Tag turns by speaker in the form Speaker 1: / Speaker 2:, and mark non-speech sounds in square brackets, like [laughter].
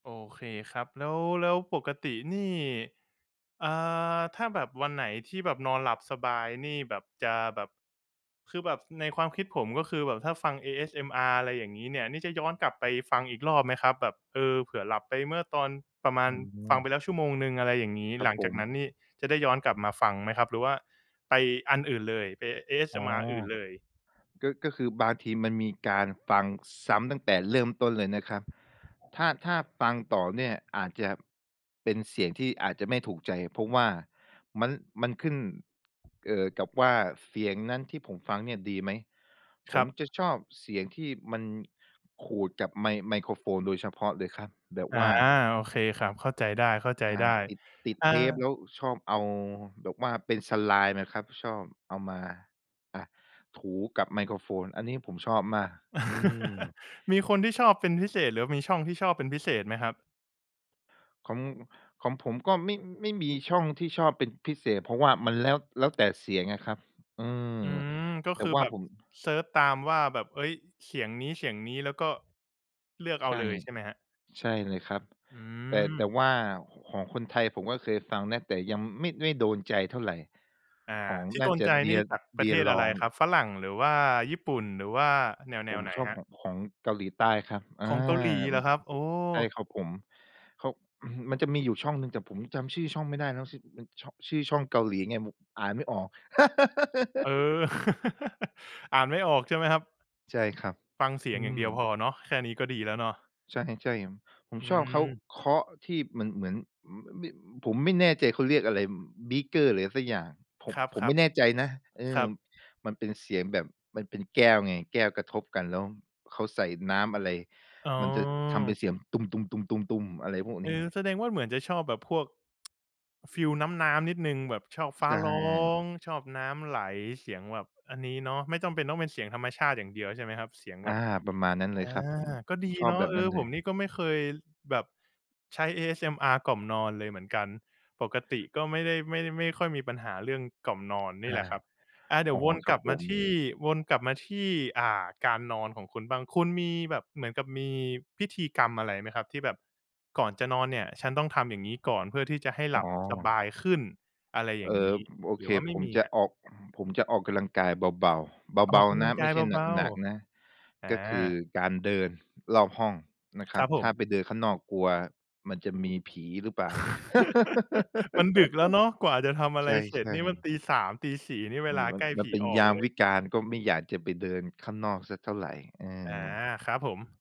Speaker 1: โอเคครับ แล้ว แล้วปกตินี่ อ่า ถ้าแบบวันไหนที่แบบนอนหลับสบายนี่แบบจะแบบ คือแบบในความคิดผมก็คือแบบถ้าฟัง ASMR อะไรอย่างงี้เนี่ย นี่จะย้อนกลับไปฟังอีกรอบไหมครับ? แบบ เออ เผื่อหลับไปเมื่อตอนประมา
Speaker 2: อ
Speaker 1: ณ
Speaker 2: ๋
Speaker 1: ฟัง
Speaker 2: อ
Speaker 1: ไปแล้วชั่วโมงหนึ่ง อะไรอย่างงี้
Speaker 2: ครั
Speaker 1: หล
Speaker 2: บ
Speaker 1: ัง
Speaker 2: ผ
Speaker 1: จากน
Speaker 2: ม
Speaker 1: ั้นนี่จะได้ย้อนกลับมาฟังไหมครับ หรือว่าไปอันอื่นเลย ไป
Speaker 2: อ๋อ
Speaker 1: ASMR อื่นเลย?
Speaker 2: ก็ ก็คือบางทีมันมีการฟังซ้ำตั้งแต่เริ่มต้นเลยนะครับ ถ้า ถ้าฟังต่อเนี่ยอาจจะเป็นเสียงที่อาจจะไม่ถูกใจ เพราะว่ามัน มันขึ้น เอ่อ กับว่าเสียงนั้นที่ผมฟังเนี่ยดีไหม ผ
Speaker 1: คร
Speaker 2: ม
Speaker 1: ับ
Speaker 2: จะชอบเสียงที่มันขูดกับไม ไมโครโฟนโดยเฉพาะเลยครับ แบบ
Speaker 1: อา
Speaker 2: ว่า
Speaker 1: โอเคครับ เข้าใจไ
Speaker 2: อ่า
Speaker 1: ด้
Speaker 2: ติด ติด
Speaker 1: ๆ อ่า
Speaker 2: เทปแล้วชอบเอาแบบว่าเป็น slime อะครับ ชอบเอามา อ่า ถูกับไมโครโฟน อันนี้ผมชอบมาก อื
Speaker 1: [chuckles]
Speaker 2: ม
Speaker 1: มีคนที่ชอบเป็นพิเศษ หรือว่ามีช่องที่ชอบเป็นพิเศษไหมครับ?
Speaker 2: ของ ของผมก็ไม่ ไม่มีช่องที่ชอบเป็นพิเศษ เพราะว่ามันแล้ว แล้ว แต่เสียงอะครับ อืม
Speaker 1: อืม ก็
Speaker 2: แต่
Speaker 1: คือ
Speaker 2: ว่า
Speaker 1: แบบ
Speaker 2: ผม
Speaker 1: เซิร์ชตามว่าแบบ เฮ้ย เสียงนี้ ๆ แล้วก็เลือกเอ
Speaker 2: ใ
Speaker 1: า
Speaker 2: ช
Speaker 1: เ
Speaker 2: ่
Speaker 1: ลยใช่ไหมครับ?
Speaker 2: ใช่เลยครับ
Speaker 1: อื
Speaker 2: แต่ แต่
Speaker 1: ม
Speaker 2: ว่าของคนไทยผมก็เคยฟังนะ แต่ยังไม่ ไม่โดนใจเท่าไร
Speaker 1: อ่า
Speaker 2: ของ
Speaker 1: ที่
Speaker 2: น
Speaker 1: โ
Speaker 2: ่
Speaker 1: ด
Speaker 2: า
Speaker 1: น
Speaker 2: จะ
Speaker 1: ใจนี่
Speaker 2: DEER
Speaker 1: จากประเทศอะไร
Speaker 2: DEERLONG
Speaker 1: ครับ ฝรั่ง หรือว่าญี่ปุ่น หรือว่าแน
Speaker 2: ผ
Speaker 1: ว
Speaker 2: ม
Speaker 1: ๆ ไหน
Speaker 2: ชอบ
Speaker 1: ครับ?
Speaker 2: ของ ของเกาหลีใต้ครับ อา
Speaker 1: ของเกาหลีเห
Speaker 2: ม
Speaker 1: ร
Speaker 2: ั
Speaker 1: อ
Speaker 2: น
Speaker 1: ค
Speaker 2: จ
Speaker 1: ร
Speaker 2: ะ
Speaker 1: ับ? โอ้
Speaker 2: ใช่ครับผม เขา [clears throat] มันจะมีอยู่ช่องหนึ่ง แต่ผมจำชื่อช่องไม่ได้แล้ว ช มัน ช่อง ชื่อช่องเกาหลีไง ผ อ่านไม่ออก
Speaker 1: เอ
Speaker 2: [laughs]
Speaker 1: อ [chuckles] อ่านไม่ออกใช่ไหมครับ?
Speaker 2: ใช่ครับ
Speaker 1: ฟังเสีย
Speaker 2: อื
Speaker 1: งอย่างเดียวพ
Speaker 2: ม
Speaker 1: อเนาะ แค่นี้ก็ดีแล้วเนาะ
Speaker 2: ใช่ ๆ ผม
Speaker 1: อื
Speaker 2: ชอบเขา
Speaker 1: ม
Speaker 2: เคาะที่เหมือน เหมือน ห แบ ผมไม่แน่ใจเขาเรียกอะไร บ บีกเกอร์หรือไรสักอย่าง ผ
Speaker 1: ค
Speaker 2: ม
Speaker 1: รับ
Speaker 2: ผมไม่แน่
Speaker 1: ๆ
Speaker 2: ใจนะ เอ
Speaker 1: คร
Speaker 2: อ
Speaker 1: ับ
Speaker 2: มันเป็นเสียงแบบ มันเป็นแก้วไง แก้วกระทบกันแล้วเขาใส่น้ำอะไร
Speaker 1: อ๋
Speaker 2: มันจะทำเป็
Speaker 1: อ
Speaker 2: นเสียง ตุ้ม ๆ ๆ ๆ ๆ อะไรพวก
Speaker 1: เ
Speaker 2: เ
Speaker 1: อ
Speaker 2: นี้
Speaker 1: อ
Speaker 2: ย
Speaker 1: แสดงว่าเหมือนจะชอบแบบพวก [tsk] ฟีลน้ำ ๆ นิดหนึ่ง แบบชอบ
Speaker 2: ใ
Speaker 1: ฟ้
Speaker 2: ช
Speaker 1: าร้อ
Speaker 2: ่
Speaker 1: ง ชอบน้ำไหล เสียงแบบอันนี้เนาะ ไม่จำเป็นต้องเป็นเสียงธรรมชาติอย่างเดียวใช่ไหมครับ? เสียง
Speaker 2: อ
Speaker 1: แบ
Speaker 2: า
Speaker 1: บ
Speaker 2: ประมาณนั้นเ
Speaker 1: อ
Speaker 2: ลย
Speaker 1: า
Speaker 2: ครับผม
Speaker 1: ก็
Speaker 2: ผ
Speaker 1: ด
Speaker 2: ม
Speaker 1: ี
Speaker 2: ชอ
Speaker 1: เ
Speaker 2: บ
Speaker 1: นา
Speaker 2: แ
Speaker 1: ะ
Speaker 2: บบ
Speaker 1: เอ
Speaker 2: นั้
Speaker 1: อ
Speaker 2: นเล
Speaker 1: ผม
Speaker 2: ย
Speaker 1: นี่ก็ไม่เคยแบบใช้ ASMR กล่อมนอนเลยเหมือนกัน ปกติก็ไม่ได้ ไม่ ไม่ค่อยมีปัญหาเรื่องกล่อมนอนนี
Speaker 2: อ
Speaker 1: ่แหล
Speaker 2: า
Speaker 1: ะครับ อ่า เดี๋
Speaker 2: อ
Speaker 1: ยว
Speaker 2: ๋อ
Speaker 1: วน
Speaker 2: ค
Speaker 1: ก
Speaker 2: รั
Speaker 1: ล
Speaker 2: บ
Speaker 1: ับ
Speaker 2: ผ
Speaker 1: มา
Speaker 2: ม
Speaker 1: ที่ วนกลับมาที่ อ่า การนอนของคุณบ้าง คุณมีแบบเหมือนกับมีพิธีกรรมอะไรไหมครับ? ที่แบบก่อนจะนอนเนี่ย ฉันต้องทำอย่างงี้ก่อนเพื่อที่จะให้
Speaker 2: อ
Speaker 1: ห
Speaker 2: ๋
Speaker 1: ลับสบ
Speaker 2: อ
Speaker 1: ายขึ้น อะไรอย
Speaker 2: เ
Speaker 1: ่
Speaker 2: อ
Speaker 1: างง
Speaker 2: อ
Speaker 1: ี้
Speaker 2: โอ
Speaker 1: หร
Speaker 2: เ
Speaker 1: ื
Speaker 2: ค
Speaker 1: อว่าไม
Speaker 2: ผ
Speaker 1: ่
Speaker 2: ม
Speaker 1: มี
Speaker 2: จะ
Speaker 1: ครับ?
Speaker 2: ออก [clears throat] ผมจะออกกำลังกายเบา ๆ
Speaker 1: อ
Speaker 2: เบ
Speaker 1: อก
Speaker 2: า
Speaker 1: ก
Speaker 2: ๆ
Speaker 1: ำ
Speaker 2: น
Speaker 1: ลั
Speaker 2: ะ
Speaker 1: งก
Speaker 2: ไม
Speaker 1: า
Speaker 2: ่
Speaker 1: ย
Speaker 2: ใช่
Speaker 1: เบา
Speaker 2: หนัก ๆ นะ
Speaker 1: ๆ อ
Speaker 2: ก็คือ
Speaker 1: า
Speaker 2: การเดินรอบห้องนะค
Speaker 1: ค
Speaker 2: รั
Speaker 1: ร
Speaker 2: บ
Speaker 1: ับผ
Speaker 2: ถ้า
Speaker 1: ม
Speaker 2: ไปเดินข้างนอกกลัวมันจะมีผีหรือเปล่า
Speaker 1: [chuckles] มันดึกแล้วเนาะ กว่าจะทำอะ
Speaker 2: [laughs] ใ
Speaker 1: ไ
Speaker 2: ช
Speaker 1: รเสร็จ
Speaker 2: ่
Speaker 1: นี่มัน
Speaker 2: ๆ
Speaker 1: ตี 3 ตี 4 นี่เ
Speaker 2: อ
Speaker 1: ว
Speaker 2: ื
Speaker 1: ล
Speaker 2: ม
Speaker 1: า
Speaker 2: มั
Speaker 1: ใ
Speaker 2: น
Speaker 1: กล้
Speaker 2: ม
Speaker 1: ผ
Speaker 2: ัน
Speaker 1: ี
Speaker 2: เป็น
Speaker 1: ออ
Speaker 2: ย
Speaker 1: ก
Speaker 2: าม
Speaker 1: เลย
Speaker 2: วิกาลก็ไม่อยากจะไปเดินข้างนอกสักเท่าไร เอ
Speaker 1: อา
Speaker 2: อ
Speaker 1: ครับผม